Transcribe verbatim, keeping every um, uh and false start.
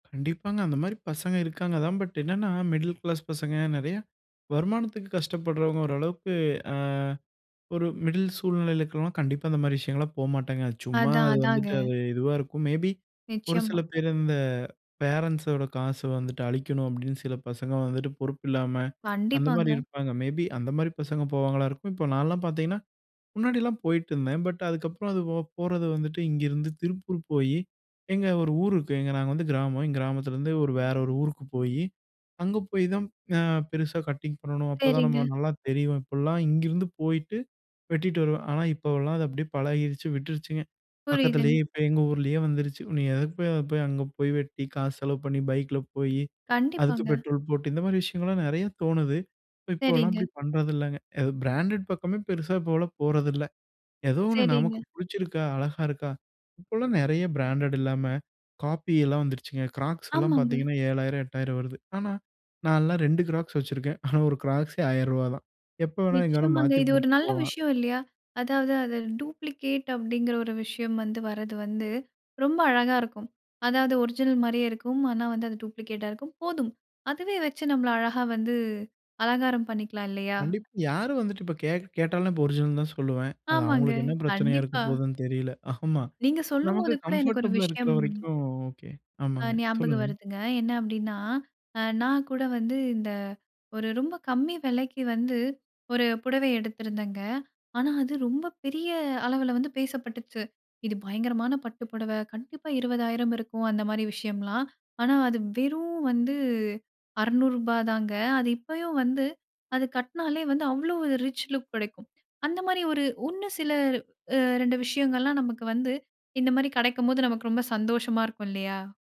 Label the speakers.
Speaker 1: கண்டிப்பாங்க அந்தமாதிரி பசங்க இருக்காங்க தான். பட் என்னன்னா, மிடில் கிளாஸ் பசங்க, நிறைய வருமானத்துக்கு கஷ்டப்படுறவங்க ஓரளவுக்கு, அ ஒரு மிடில் சூழ்நிலைல இருக்குறவங்கலாம், கண்டிப்பா அந்த மாதிரி விஷயங்கள்லாம் போகமாட்டாங்க. சும்மா
Speaker 2: அதான்
Speaker 1: அது
Speaker 2: அதாங்க.
Speaker 1: வந்துட்டு அது இதுவா இருக்கும். மேபி, ஒரு சில
Speaker 2: நிச்சயமா.
Speaker 1: பேர் இந்த பேரன்ட்ஸோட காசை வந்துட்டு அழிக்கணும், அப்படின்னு சில பசங்க வந்துட்டு பொறுப்பில்லாம அந்த மாதிரி
Speaker 2: கண்டிப்பாங்க.
Speaker 1: இருப்பாங்க. மேபி அந்த மாதிரி பசங்க போவாங்களா இருக்கும். இப்போ நான்லாம் பார்த்தீங்கன்னா, முன்னாடிலாம் போயிட்டு இருந்தேன். பட் அதுக்கப்புறம் அது ஓ போறது வந்துட்டு இங்கிருந்து திருப்பூர் போயி, எங்க ஒரு ஊர் இருக்கு, எங்க நாங்க வந்து கிராமம். எங்க கிராமத்துலருந்து ஒரு வேற ஒரு ஊருக்கு போயி, அங்க போய் தான் அ பெருசா கட்டிங் பண்ணணும், அப்போ தான் நம்ம
Speaker 2: சரிங்க.
Speaker 1: நல்லா தெரிவோம் இப்பிடிலாம் இங்கிருந்து போயிட்டு வெட்டிட்டு வருவேன். ஆனா இப்போவெல்லாம் அது அப்படியே பழகிருச்சு, விட்டுருச்சுங்க. பக்கத்துலயே
Speaker 2: புரியுதுங்க.
Speaker 1: இப்போ எங்க ஊர்லயே வந்துருச்சு. நீ எதுக்கு போய் அதப் போய் அங்க போய் வெட்டி காசு செலவு பண்ணி பைக்கில போயி அதுக்கு
Speaker 2: கண்டிப்பாங்க.
Speaker 1: பெட்ரோல் போட்டு, இந்த மாதிரி விஷயங்கள்லாம் நிறைய தோணுது. இப்ப இப்போலாம்
Speaker 2: சரிங்க.
Speaker 1: அப்படி பண்ணுறதில்லங்க. அது பிராண்டட் பக்கமே பெருசா இப்போவெல்லாம் போறதில்ல. ஏதோ ஒன்னு நமக்கு
Speaker 2: சரிங்க
Speaker 1: பிடிச்சிருக்கா, அழகா இருக்கா, இப்பல்லாம் நிறைய பிராண்டடு இல்லாம காப்பி எல்லாம் வந்துருச்சுங்க. கிராக்ஸ் எல்லாம்
Speaker 2: ஆமாங்க.
Speaker 1: பார்த்தீங்கன்னா, ஏழாயிரம், எட்டாயிரம் வருது. ஆனா நான்லாம் ரெண்டு க்ராக்ஸ் வச்சிருக்கேன். ஆனா ஒரு கிராக்ஸே ஆயிரம் ரூவா தான். எப்ப வேணா எங்கே வேணா
Speaker 2: நிச்சயமாங்க.
Speaker 1: மாத்தி
Speaker 2: இது ஒரு
Speaker 1: போட்டு
Speaker 2: நல்ல
Speaker 1: போலாம்.
Speaker 2: விஷயம் இல்லையா? அதாவது அது டூப்ளிகேட் அப்படிங்கிற ஒரு விஷயம் வந்து வர்றது வந்து, ரொம்ப அழகா இருக்கும். அதாவது ஒரிஜினல் மாதிரியே இருக்கும். ஆனா வந்து அது டூப்ளிகேட்டா இருக்கும். போதும், அதுவே வச்சு நம்மள அழகா வந்து அலங்காரம் பண்ணிக்கலாம் இல்லையா!
Speaker 1: கண்டிப்பா. யாரும் வந்துட்டு இப்போ கேக் கேட்டாலும், நான் இப்ப ஒரிஜினல்ன்னு தான் சொல்லுவேன். அது
Speaker 2: ஆமாங்க.
Speaker 1: அவங்களுக்கு என்ன பிரச்சனையா இருக்க
Speaker 2: கண்டிப்பா.
Speaker 1: போகுதுன்னு தெரியல ஆமா.
Speaker 2: நீங்க
Speaker 1: நமக்கு
Speaker 2: சொல்லும்போது கூட எனக்கு ஒரு
Speaker 1: கம்ஃபர்டபிளா இருக்கற
Speaker 2: விஷயம்
Speaker 1: வரைக்கும் ஓகே
Speaker 2: அ
Speaker 1: ஆமாங்க,
Speaker 2: ஞாபகம்
Speaker 1: சொல்லுங்க.
Speaker 2: வருதுங்க. என்ன அப்படின்னா, அ நான் கூட வந்து இந்த ஒரு ரொம்ப கம்மி விலைக்கு வந்து ஒரு புடவை எடுத்திருந்தேங்க. ஆனா அது ரொம்ப பெரிய அளவில வந்து பேசப்பட்டுச்சு. இது பயங்கரமான பட்டு புடவை. கண்டிப்பா இருபதாயிரம் இருக்கும், அந்த மாதிரி விஷயம்லாம். ஆனா அது வெறும் வந்து அறுநூறு ரூபா தாங்க. அது இப்பயும் வந்து, அது கட்டினாலே வந்து அவ்ளோ ஒரு ரிச் லுக் கிடைக்கும். அந்த மாதிரி ஒரு உன்னு சில அ ரெண்டு விஷயங்கள்லாம் நமக்கு வந்து இந்த மாதிரி கிடைக்கும்போது, நமக்கு ரொம்ப சந்தோஷமா இருக்கும் இல்லையா!